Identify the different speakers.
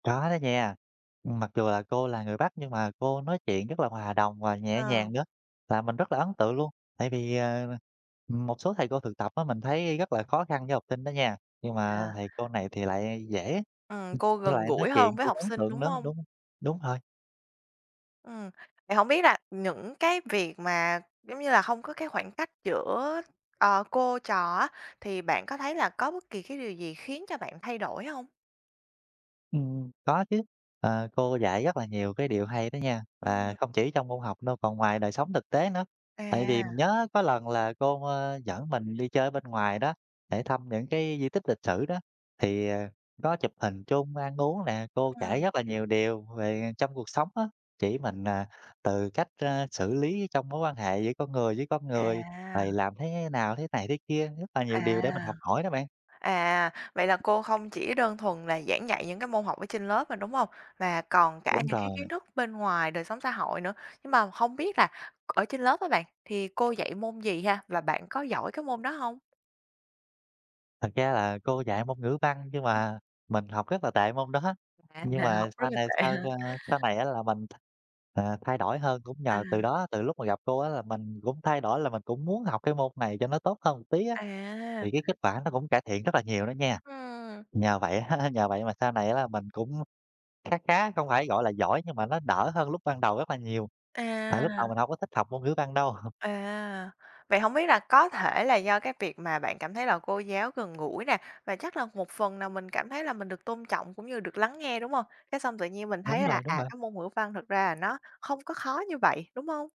Speaker 1: Có đó nha. Mặc dù là cô là người Bắc nhưng mà cô nói chuyện rất là hòa đồng và nhẹ
Speaker 2: Ờ.
Speaker 1: nhàng nữa, và mình rất là ấn tượng luôn. Tại vì, à, m một số thầy cô thực tập á, mình thấy rất là khó khăn với học sinh đó nha, nhưng mà
Speaker 2: Yeah.
Speaker 1: thầy cô này thì lại dễ
Speaker 2: Ừ, cô
Speaker 1: với
Speaker 2: gần
Speaker 1: lại nói
Speaker 2: gũi hơn
Speaker 1: chuyện
Speaker 2: với
Speaker 1: cũng
Speaker 2: học
Speaker 1: ấn
Speaker 2: sinh,
Speaker 1: tượng
Speaker 2: đúng
Speaker 1: nữa.
Speaker 2: hông?
Speaker 1: Đúng đúng rồi.
Speaker 2: Ừm, vậy hổng biết là những cái việc mà giống như là hông có cái khoảng cách giữa, ờ, cô trò á, thì bạn có thấy là có bất kỳ cái điều gì khiến cho bạn thay đổi hông?
Speaker 1: Ừm. Có chứ, ờ, cô dạy rất là nhiều cái điều hay đó nha, và
Speaker 2: Ừm.
Speaker 1: không chỉ trong môn học đâu, còn ngoài đời sống thực tế nữa. Tại vì mình
Speaker 2: À.
Speaker 1: nhớ có lần là cô, ơ, dẫn mình đi chơi ở bên ngoài đó để thăm những cái di tích lịch sử đó, thì, ờ, có chụp hình chung, ăn uống nè, cô kể
Speaker 2: Ừm.
Speaker 1: rất là nhiều điều về trong cuộc sống á, chỉ mình, à, từ cách, a, xử lý trong mối quan hệ giữa con người với con người,
Speaker 2: À!
Speaker 1: rồi làm thế nào, thế này thế kia, rất là nhiều
Speaker 2: À!
Speaker 1: điều để mình học hỏi đó bạn.
Speaker 2: À, vậy là cô không chỉ đơn thuần là giảng dạy những cái môn học ở trên lớp mà, đúng hông? Mà còn cả
Speaker 1: Đúng
Speaker 2: những cái
Speaker 1: rồi.
Speaker 2: kiến thức bên ngoài đời sống xã hội nữa. Nhưng mà hông biết là ở trên lớp á bạn, thì cô dạy môn gì ha? Và bạn có giỏi cái môn đó hông?
Speaker 1: Thật ra là cô dạy môn Ngữ Văn nhưng
Speaker 2: Ừm.
Speaker 1: mà mình học rất là tệ môn đó.
Speaker 2: À,
Speaker 1: Nhưng
Speaker 2: bạn
Speaker 1: mà
Speaker 2: học rất
Speaker 1: sau
Speaker 2: là
Speaker 1: này
Speaker 2: tệ
Speaker 1: sau,
Speaker 2: ha.
Speaker 1: a, sau này á là mình, ờ, thay đổi hơn cũng
Speaker 2: À.
Speaker 1: nhờ từ đó, từ lúc mà gặp cô á là mình cũng thay đổi là mình cũng muốn học cái môn này cho nó tốt hơn một tí á.
Speaker 2: À!
Speaker 1: Thì cái kết quả nó cũng cải thiện rất là nhiều nữa nha.
Speaker 2: Ừm!
Speaker 1: Nhờ vậy nhờ vậy mà sau này á là mình cũng khá khá, không phải gọi là giỏi nhưng mà nó đỡ hơn lúc ban đầu rất là nhiều. Tại lúc đầu
Speaker 2: À!
Speaker 1: mình hổng có thích học môn Ngữ Văn đâu.
Speaker 2: À! Vậy hổng biết là có thể là do cái việc mà bạn cảm thấy là cô giáo gần gũi nè, và chắc là một phần nào mình cảm thấy là mình được tôn trọng cũng như được lắng nghe, đúng hông? Cái xong tự nhiên mình
Speaker 1: Đúng
Speaker 2: thấy là,
Speaker 1: rồi, đúng
Speaker 2: à,
Speaker 1: rồi.
Speaker 2: cái môn Ngữ văn thật ra là nó không có khó như vậy, đúng không?